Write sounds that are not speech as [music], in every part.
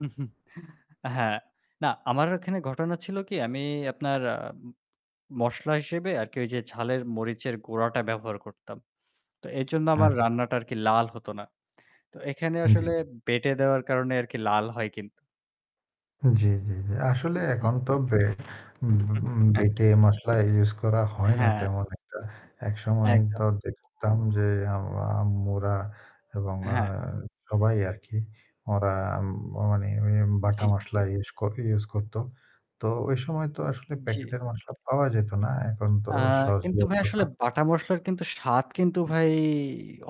[chuckles] হ্যাঁ, না আমার এখানে ঘটনা ছিল কি আমি আপনার আ মসলা হিসেবে আরকি ঐ যে ঝালের মরিচের গুড়াটা ব্যবহার করতাম। তো এইজন্য আমার আচ্ছা। রান্নাটা আরকি লাল হতো না। তো এখানে উম জ্বী। আসলে বেঁটে দেওয়ার কারণে আরকি লাল হয় কিন্তু। আ জ্বি, জ্বি, জ্বি। আসলে উম জ্বী। এখন তো বে [unintelligible] উম হ্যাঁ। বেটে মসলা ইউস করা হয় না হ্যাঁ। তেমন একটা। একসময় একদম। তো দেখতাম যে আম আম্মুরা এবং আ আ হ্যাঁ। সবাই আরকি ওরা ্মাম নে বাটা জ্বী। মসলা ইউস কর ইউস করত। তো ঐ সময় তো আসলে উম জ্বী। প্যাকেটের মসলা পাওয়া যেত না। এখন তো আ কিন্তু ভাই আসলে সহজলভ্যতা বাটা মসলার কিন্তু স্বাদ কিন্তু ভাই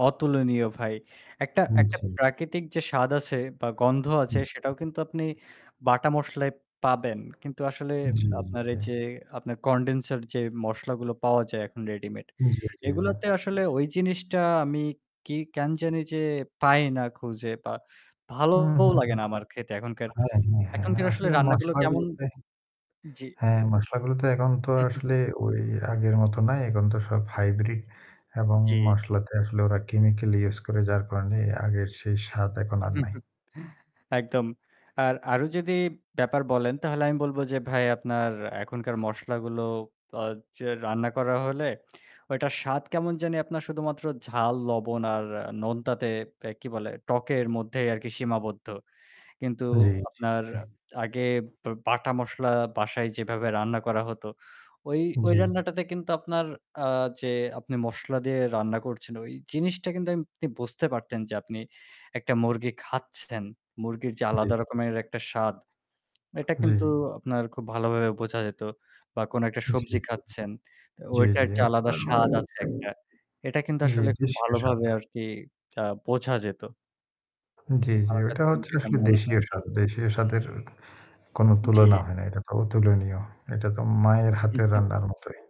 অতুলনীয় ভাই। একটা উম একটা জি। প্রাকৃতিক যে স্বাদ আছে বা গন্ধ আছে জি, সেটাও কিন্তু আপনি বাটা মসলায় পাবেন। কিন্তু আসলে জী, জী, আপনার এই যে জী। আপনার কনডেন্সার যে মসলাগুলো পাওয়া যায় এখন রেডিমেড। উম জ্বী, জ্বী, জ্বী। এগুলোতে আসলে ওই জিনিসটা আমি কি কেন জানি যে পাই না খুঁজে বা হুম, ভালোও হুম, লাগে হুম। না আমার খেতে এখনকার হ্যাঁ, হ্যাঁ, হ্যাঁ এখনকার আসলে আসলে রান্নাগুলো মশলা কেমন গুলোতে জ্বী। হ্যাঁ, মশলাগুলো তো এখন তো [chuckles] আসলে ওই আগের মতো না। এখন তো সব হাইব্রিড এবং জি। মশলাতে আসলে ওরা কেমিক্যাল ইউস করে। যার কারণে আগের সেই স্বাদ এখন আর নাই। [chuckles] একদম। আর আরো যদি ব্যাপার বলেন তাহলে আমি বলব যে ভাই আপনার এখনকার মসলাগুলো আ যে রান্না করা হলে ওইটার স্বাদ কেমন জানি আপনার শুধুমাত্র ঝাল, লবণ আর নোনতাতে কি বলে টকের মধ্যেই আরকি সীমাবদ্ধ। কিন্তু জ্বী, জ্বী, আপনার জ্বী। আগে বা বাটা মসলা বাসায় যেভাবে রান্না করা হতো, ওই ওই জ্বী। রান্নাটাতে কিন্তু আপনার আ যে আপনি মসলা দিয়ে রান্না করছেন ওই জিনিসটা কিন্তু আপনি বুঝতে পারতেন যে আপনি একটা মুরগি খাচ্ছেন। মুরগির যে জ্বী। আলাদা রকমের একটা স্বাদ এটা জী। কিন্তু আপনার খুব ভালোভাবে বোঝা যেত। বা কোন একটা জি, সবজি জি। খাচ্ছেন। এ জ্বী, ওটার জ্বী। যে আচ্ছা আলাদা স্বাদ আছে একটা। [unintelligible] এটা কিন্তু জি, আসলে খুব দেশীয় স্বাদ। ভালোভাবে আরকি আ বোঝা যেত। জ্বী, জ্বী। আমার ওইটা কাছে কিন্তু হচ্ছে এটা আসলে মনে হয়। দেশীয় স্বাদ। দেশীয় স্বাদের কোন জি। তুলনা হয় না। এটা তো অতুলনীয়। এটা তো মায়ের হাতের [chuckles] রান্নার মতই।